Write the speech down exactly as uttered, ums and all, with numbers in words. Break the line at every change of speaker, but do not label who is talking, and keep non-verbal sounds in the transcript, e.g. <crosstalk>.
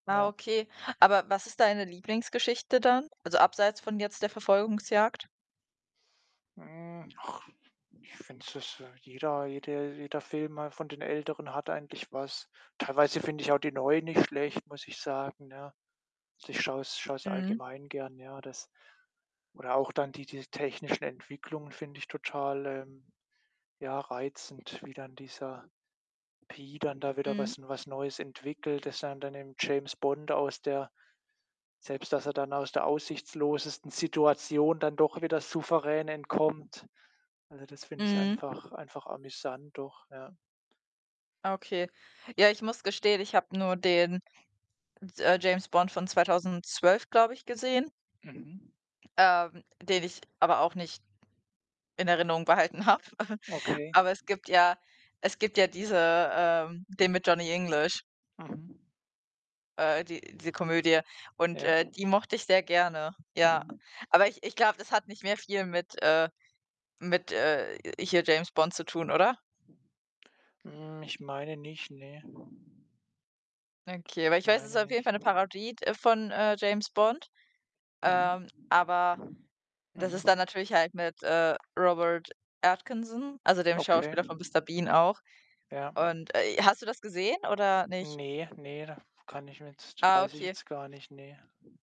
Ah,
Ja.
okay. Aber was ist deine Lieblingsgeschichte dann, also abseits von jetzt der Verfolgungsjagd?
Hm, ach, ich finde es dass jeder jede jeder Film mal von den Älteren hat eigentlich was. Teilweise finde ich auch die Neuen nicht schlecht, muss ich sagen, ne? Ich schaue es schaue es
Mhm.
allgemein gern. Ja, das oder auch dann diese technischen Entwicklungen finde ich total, ähm, ja, reizend, wie dann dieser „P.“ dann da wieder
Mhm.
was was Neues entwickelt, dass er dann dem „James Bond“ aus der selbst dass er dann aus der aussichtslosesten Situation dann doch wieder souverän entkommt. Also, das finde ich
Mhm.
einfach einfach amüsant doch, ja.
Okay. Ja, ich muss gestehen, ich habe nur den d äh, „James Bond“ von zweitausendzwölf, glaube ich, gesehen
Mhm.
ähm, den ich aber auch nicht in Erinnerung behalten habe. <chuckles>
Okay.
Aber es gibt ja es gibt ja diese ähm, den mit „Johnny English“
Mhm.
äh, die diese Komödie. Und,
Ja.
äh, die mochte ich sehr gerne, ja.
Mhm.
Aber ich ich glaube, das hat nicht mehr viel mit, äh mit, äh, hier „James Bond“ zu tun, oder?
Hm, ich meine nicht, ne.
Okay, aber
Ich
ich weiß, es ist
meine
auf jeden
nicht.
Fall 'ne Parodie d von, äh, „James Bond“,
Mhm.
ähm, aber das
Mhm.
ist da natürlich halt mit, äh, Robert Atkinson, also dem
Okay.
Schauspieler von „Mister Bean“ auch.
Ja.
Und, äh, hast du das gesehen oder nicht?
Ne, ne, da kann ich jetzt
Ah,
weiß ich
okay.
jetzt gar nicht, ne.